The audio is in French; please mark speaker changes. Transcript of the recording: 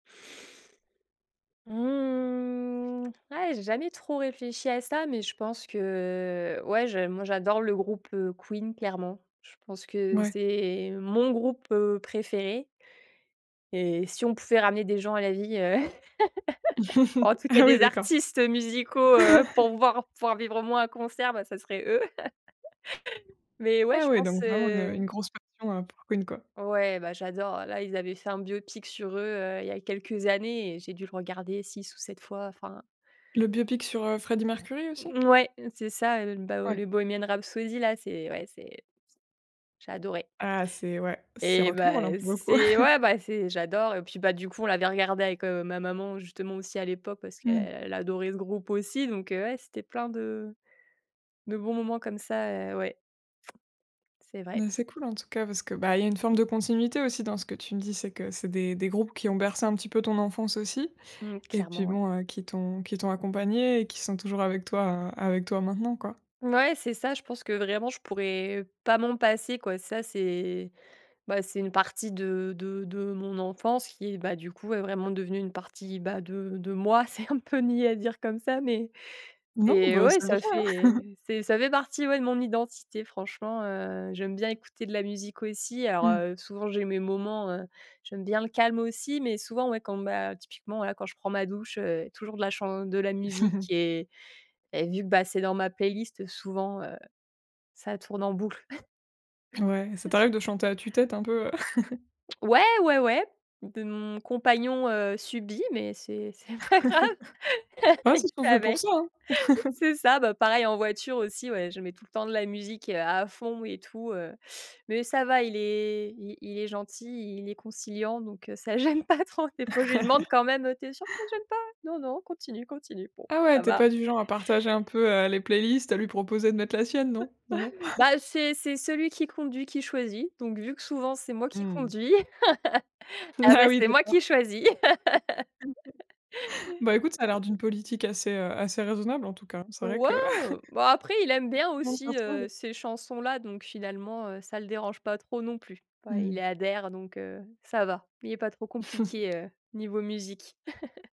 Speaker 1: Mmh, eh j'ai jamais trop réfléchi à ça, mais je pense que ouais, je moi j'adore le groupe, heu, Queen clairement. Je pense que
Speaker 2: Ouais.
Speaker 1: c'est mon groupe, heu, préféré et si on pouvait ramener des gens à la vie, heu, en tout cas
Speaker 2: Ah oui
Speaker 1: des
Speaker 2: d'accord.
Speaker 1: artistes, heu, musicaux, heu, pour voir pouvoir vivre au moins un concert, bah ça serait eux. Mais ouais,
Speaker 2: Ah
Speaker 1: je
Speaker 2: oui
Speaker 1: pense,
Speaker 2: donc vraiment une, heu, une
Speaker 1: heu
Speaker 2: grosse passion, heu, pour Queen quoi.
Speaker 1: Ouais bah, j'adore. Là, ils avaient fait un biopic sur eux, heu, il y a quelques années et j'ai dû le regarder 6 ou 7 fois, enfin
Speaker 2: Le biopic sur, heu, Freddie Mercury aussi?
Speaker 1: Mmh, ouais, c'est ça, heu, bah heu,
Speaker 2: Ouais.
Speaker 1: le Bohemian Rhapsody là, c'est ouais c'est c'est j'ai adoré.
Speaker 2: Ah, c'est ouais, c'est
Speaker 1: Eh
Speaker 2: rock and roll un
Speaker 1: bah,
Speaker 2: peu beaucoup!
Speaker 1: c'est ouais, bah c'est j'adore et puis bah, du coup, on l'avait regardé avec, heu, ma maman justement aussi à l'époque. Parce
Speaker 2: Mmh.
Speaker 1: qu'elle a adoré ce groupe aussi donc heu, ouais c'était plein de de bons moments comme ça heu, ouais. C'est vrai.
Speaker 2: Bah, c'est cool en tout cas. Parce que, bah il y a une forme de continuité aussi dans ce que tu me dis. C'est que c'est des groupes qui ont bercé un petit peu ton enfance aussi
Speaker 1: Mmh,
Speaker 2: et puis
Speaker 1: clairement ouais.
Speaker 2: bon heu, qui t'ont qui t'ont accompagnée et qui sont toujours avec toi, heu, avec toi maintenant quoi.
Speaker 1: Mouais, c'est ça. Je pense que vraiment, je pourrais pas m'en passer quoi. Ça c'est bah c'est une partie de de de mon enfance qui est, bah du coup ouais, vraiment devenue une partie bah, de de moi. C'est un peu niais à dire comme ça mais
Speaker 2: Non,
Speaker 1: mais
Speaker 2: bah
Speaker 1: ouais
Speaker 2: c'est vrai,
Speaker 1: ça
Speaker 2: hein!
Speaker 1: fait c'est ça fait partie ouais, de mon identité. Franchement, heu, j'aime bien écouter de la musique aussi. Alors,
Speaker 2: Mmh.
Speaker 1: heu, souvent, j'ai mes moments, heu j'aime bien le calme aussi, mais souvent ouais, quand mmh, bah typiquement, voila, quand je prends ma douche, heu, toujours de la chan de la musique et et vu que bah, c'est dans ma playlist, heu, souvent, heu, ça tourne en boucle.
Speaker 2: Ouais, ça t'arrive de chanter à tue-tête un peu, heu?
Speaker 1: Ouais, ouais, ouais, on peut mon compagnon, heu, subit, mais c'est c'est pas grave,
Speaker 2: Ah
Speaker 1: il
Speaker 2: c'est ce qu'on
Speaker 1: fait
Speaker 2: fait pour
Speaker 1: avec
Speaker 2: ça, hein!
Speaker 1: c'est ça, bah pareil en voiture aussi ouais. Je mets tout le temps de la musique, heu, à fond et tout heu, mais ça va, il est il il est gentil, il est conciliant, donc heu, ça gêne pas trop. Des fois je lui demande quand même, heu: «Tu es sûr que ça gêne pas?», «Non, non, continue, continue», «Bon,
Speaker 2: Ah ouais,
Speaker 1: ça
Speaker 2: tu es
Speaker 1: va».
Speaker 2: pas du genre à partager un peu, heu, les playlists, heu, lui proposer de mettre la sienne non? non non?
Speaker 1: Bah, c'est c'est celui qui conduit qui choisit. Donc, vu que souvent, c'était moi qui
Speaker 2: Mmh.
Speaker 1: conduis. À la
Speaker 2: Ah
Speaker 1: base
Speaker 2: oui
Speaker 1: c'était moi qui
Speaker 2: d'accord.
Speaker 1: choisis.
Speaker 2: Bah, écoute ça a l'air d'une politique assez, heu, assez raisonnable en tout cas, hein. C'est vrai
Speaker 1: Ouais,
Speaker 2: que
Speaker 1: heu, bah après il aime bien, heu,
Speaker 2: Ah, si ça
Speaker 1: aussi
Speaker 2: se trouve.
Speaker 1: ces chansons là. Donc finalement, heu, ça le dérange pas trop non plus. Ouais, il y
Speaker 2: Mmh.
Speaker 1: adhère donc heu, ça va. Il est pas trop compliqué, heu, niveau musique.